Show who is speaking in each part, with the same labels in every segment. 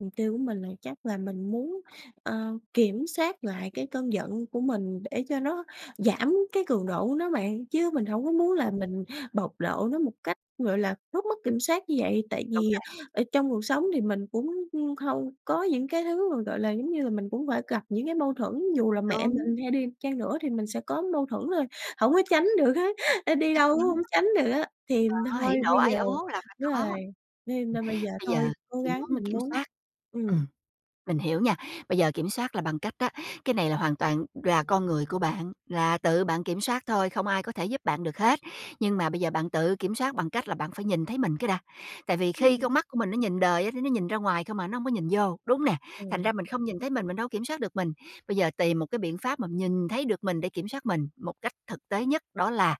Speaker 1: Mục tiêu của mình là chắc là mình muốn, ơ, kiểm soát lại cái cơn giận của mình để cho nó giảm cái cường độ của nó bạn, chứ mình hổng có muốn là
Speaker 2: Ừm.
Speaker 1: mình bộc lộ nó một cách, gọi là, rất mất kiểm soát như vậy. Tại
Speaker 2: Đúng
Speaker 1: vì
Speaker 2: rồi.
Speaker 1: ở trong cuộc sống thì mình cũng, ưm, hông có những cái thứ mà, gọi là, giống như là mình cũng phải gặp những cái mâu thuẫn, dù là mẹ
Speaker 2: Đúng.
Speaker 1: mình hay đi chăng nữa thì mình sẽ có mâu thuẫn rồi, hổng có tránh được hết, ơ, đi
Speaker 2: Chắc
Speaker 1: đâu cũng
Speaker 2: chắn.
Speaker 1: hổng tránh được á. Thì
Speaker 2: Đó,
Speaker 1: thôi
Speaker 2: hỉ nộ
Speaker 1: bây
Speaker 2: ái
Speaker 1: giờ
Speaker 2: ố là phải
Speaker 1: đúng rồi,
Speaker 2: có. Ừm,
Speaker 1: nên là bây giờ
Speaker 2: bây giờ
Speaker 1: thôi cố
Speaker 2: chỉ
Speaker 1: gắng
Speaker 2: muốn
Speaker 1: mình
Speaker 2: kiểm
Speaker 1: muốn
Speaker 2: soát. Ừm,
Speaker 1: ừm.
Speaker 2: mình hiểu nha, bây giờ kiểm soát là bằng cách đó, cái này là hoàn toàn là con người của bạn, là tự bạn kiểm soát thôi, không ai có thể giúp bạn được hết, nhưng mà bây giờ bạn tự kiểm soát bằng cách là bạn phải nhìn thấy mình cái đã. Tại vì khi
Speaker 1: Ừm.
Speaker 2: con mắt của mình nó nhìn đời á, nó nó nhìn ra ngoài không à, nó hông có nhìn vô, đúng nè? Thành
Speaker 1: Ừm.
Speaker 2: ra mình không nhìn thấy mình, mình đâu kiểm soát được mình. Bây giờ tìm một cái biện pháp mà nhìn thấy được mình để kiểm soát mình một cách thực tế nhất đó là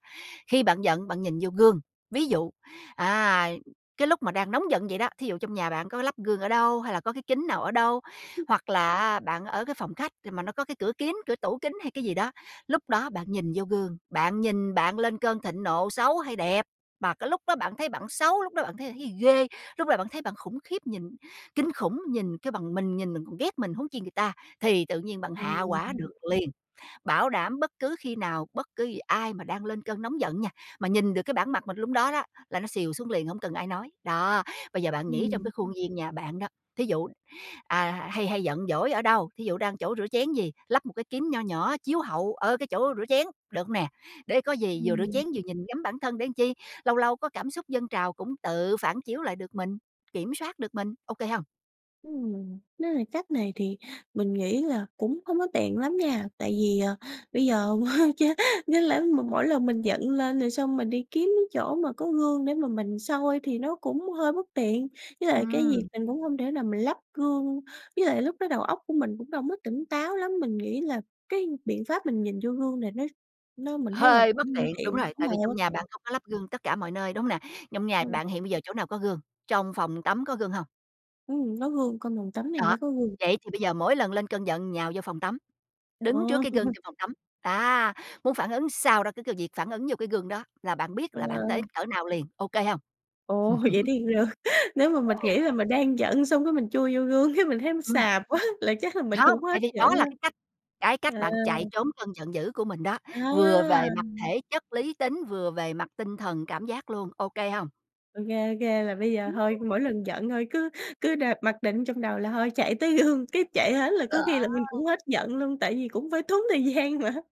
Speaker 2: khi bạn giận bạn nhìn vô gương, ví dụ, à, cái lúc mà đang nóng giận vậy đó, thí dụ trong nhà bạn có lắp gương ở đâu hay là có cái kính nào ở đâu, hoặc là á bạn ở cái phòng khách thì mà nó có cái cửa kiếng cửa tủ kính hay cái gì đó, lúc đó bạn nhìn vô gương, bạn nhìn bạn lên cơn thịnh nộ xấu hay đẹp, mà cái lúc đó bạn thấy bạn xấu, lúc đó bạn thấy là thấy ghê, lúc đó bạn thấy bạn khủng khiếp nhìn kinh khủng, nhìn kêu bằng mình nhìn, mình còn ghét mình huống chi người ta, thì tự nhiên bạn
Speaker 1: Ừm.
Speaker 2: hạ hỏa được
Speaker 1: [unintelligible] Ưm.
Speaker 2: liền. Bảo đảm bất cứ khi nào, bất cứ giờ ai mà đang lên cơn nóng giận nha, mà nhìn được cái bản mặt mình lúc đó đó, là nó xìu xuống liền hông cần ai nói. Đó, bây giờ bạn nghĩ trong
Speaker 1: Ừm.
Speaker 2: cái khuôn viên nhà bạn đó, thí dụ, à, hay hay giận dỗi ở đâu, thí dụ đang chỗ rửa chén gì, lắp một cái kính nho nhỏ chiếu hậu ở cái chỗ rửa chén, được hông nè? Để có gì vừa rửa
Speaker 1: Ừm.
Speaker 2: chén vừa nhìn ngắm bản thân để chi, lâu lâu có cảm xúc dâng trào cũng tự phản chiếu lại được mình, kiểm soát được mình, ô kê hông?
Speaker 1: Ừm, nếu là cách này thì mình nghĩ là cũng hông có tiện lắm nha, tại vì, ờ, bây giờ cha chẳng lẽ mà mỗi lần mình giận lên rồi xong mình đi kiếm chỗ mà có gương để mà mình soi thì nó cũng hơi bất tiện. Với lại cái việc
Speaker 2: Ừm.
Speaker 1: mình cũng hông thể nào mình lắp gương, với lại lúc đó đầu óc của mình cũng đâu mất tỉnh táo lắm, mình nghĩ là cái biện pháp mình nhìn vô gương này nó nó mình thấy là
Speaker 2: Hơi
Speaker 1: cũng
Speaker 2: bất
Speaker 1: hông
Speaker 2: tiện, đúng
Speaker 1: tiện,
Speaker 2: rồi,
Speaker 1: đúng
Speaker 2: tại
Speaker 1: rồi
Speaker 2: vì
Speaker 1: hơi
Speaker 2: trong
Speaker 1: bất
Speaker 2: nhà bạn
Speaker 1: tiện.
Speaker 2: không có lắp gương tất cả mọi nơi, đúng hông nè? Trong nhà
Speaker 1: Ừm.
Speaker 2: bạn hiện bây giờ chỗ nào có gương, trong phòng tắm có gương hông?
Speaker 1: Ừm, nó gương cong phòng tắm này
Speaker 2: Đó,
Speaker 1: mới có gương.
Speaker 2: vậy thì bây giờ mỗi lần lên cơn giận nhào vô phòng tắm, đứng trước
Speaker 1: Ồ.
Speaker 2: cái gương trong phòng tắm, à, muốn phản ứng sao đó cứ cứ việc phản ứng vô cái gương đó là bạn biết
Speaker 1: Ờ.
Speaker 2: là bạn tới cỡ nào liền, ô kê hông?
Speaker 1: Ồ! Vậy thì, ờ, nếu mà mình nghĩ là mình đang giận xong cái mình chui vô gương cái mình thấy
Speaker 2: Ừm.
Speaker 1: xàm quá là chắc là mình
Speaker 2: Hông,
Speaker 1: cũng hết
Speaker 2: tại vì
Speaker 1: giận
Speaker 2: đó
Speaker 1: ha.
Speaker 2: là cái cách cái cách
Speaker 1: À.
Speaker 2: bạn chạy trốn cơn giận dữ của mình đó, vừa
Speaker 1: À!
Speaker 2: về mặt thể chất lý tính, vừa về mặt tinh thần cảm giác luôn, ô kê hông?
Speaker 1: Ô kê, ô kê, là bây giờ
Speaker 2: Ừm.
Speaker 1: thôi, mỗi lần giận thôi cứ cứ đặt mặc định trong đầu là thôi chạy tới gương, cái chạy hết là có khi
Speaker 2: Đó.
Speaker 1: là mình cũng hết giận luôn tại vì cũng phải tốn thời gian mà.